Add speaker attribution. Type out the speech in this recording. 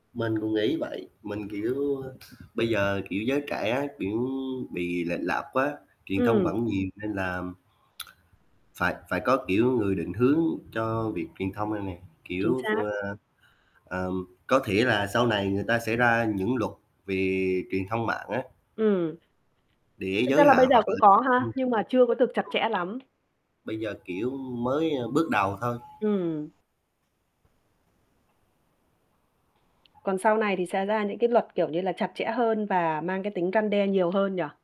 Speaker 1: Mình cũng nghĩ vậy, mình, kiểu, ơ, bây giờ, kiểu, giới trẻ, kiểu, bị lệch lạc quá, truyền thông
Speaker 2: Ừm.
Speaker 1: bẩn nhiều nên là phải phải có, kiểu, người định hướng cho việc truyền thông này nè,
Speaker 2: Chính
Speaker 1: kiểu, ph
Speaker 2: xác.
Speaker 1: ơ, ờm, có thể là sau này người ta sẽ ra những luật về truyền thông mạng á.
Speaker 2: Ừm.
Speaker 1: Để
Speaker 2: Thực ra
Speaker 1: giới
Speaker 2: là bây
Speaker 1: hạn,
Speaker 2: giờ
Speaker 1: hoặc
Speaker 2: cũng
Speaker 1: là
Speaker 2: có ha,
Speaker 1: ừm, [unintelligible]
Speaker 2: nhưng mà chưa có được chặt chẽ lắm.
Speaker 1: Bây giờ, kiểu, mới, ơ, bước đầu thôi.
Speaker 2: Ừm. Còn sau này thì sẽ ra những cái luật, kiểu như là, chặt chẽ hơn và mang cái tính răn đe nhiều hơn nhỉ?